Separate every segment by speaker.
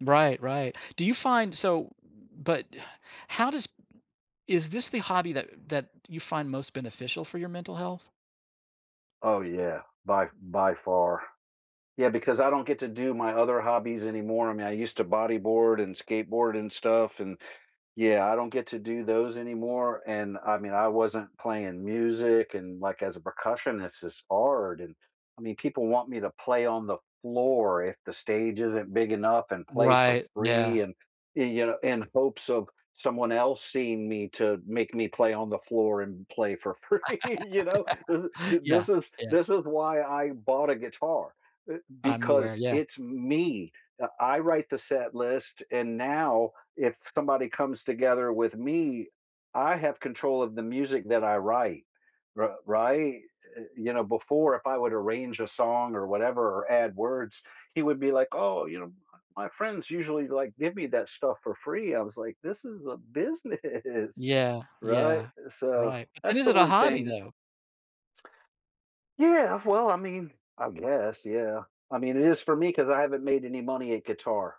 Speaker 1: Right, right. Do you find so, but how does is this the hobby that that you find most beneficial for your mental health?
Speaker 2: Oh, yeah. By by far. Yeah, because I don't get to do my other hobbies anymore. I mean, I used to bodyboard and skateboard and stuff, and, yeah, I don't get to do those anymore, and, I mean, I wasn't playing music and, like, as a percussionist, it's hard, and, I mean, people want me to play on the floor if the stage isn't big enough and play for
Speaker 1: Right, yeah.
Speaker 2: free and, y you know, in hopes of someone else seeing me to make me play on the floor and play for free, you know? This is th
Speaker 1: Yeah,
Speaker 2: this is
Speaker 1: yeah.
Speaker 2: this is why I bought a guitar, e
Speaker 1: I'm
Speaker 2: because
Speaker 1: aware, yeah.
Speaker 2: it's me. I I write the set list, and now if somebody comes together with me, I have control of the music that I write, r right? Y You know, before if I would arrange a song or whatever or add words, he would be like, "Oh, you know, m my friends usually, like, give me that stuff for free." I was like, "This is a business,
Speaker 1: Yeah,
Speaker 2: right?
Speaker 1: yeah.
Speaker 2: So,
Speaker 1: Right. But, then,
Speaker 2: that's
Speaker 1: is
Speaker 2: the
Speaker 1: it a
Speaker 2: one thing
Speaker 1: hobby, though?
Speaker 2: Yeah. Well, I mean, I guess, yeah. I mean, it is for me 'cause I haven't made any money at guitar.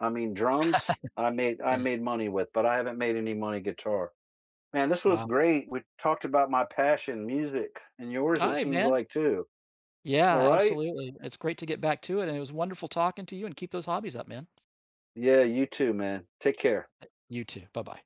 Speaker 2: I mean, drums, I made I
Speaker 1: Yeah.
Speaker 2: made money with, but I haven't made any money guitar. Man, this was
Speaker 1: Wow.
Speaker 2: great, we talked about my passion, music, and yours, it
Speaker 1: Aight,
Speaker 2: seemed
Speaker 1: man.
Speaker 2: like, too.
Speaker 1: Yeah,
Speaker 2: Alright?
Speaker 1: absolutely. It's great to get back to it and it was wonderful talking to you and keep those hobbies up, man.
Speaker 2: Yeah, you too, man. Take care.
Speaker 1: Eh you too, bye-bye.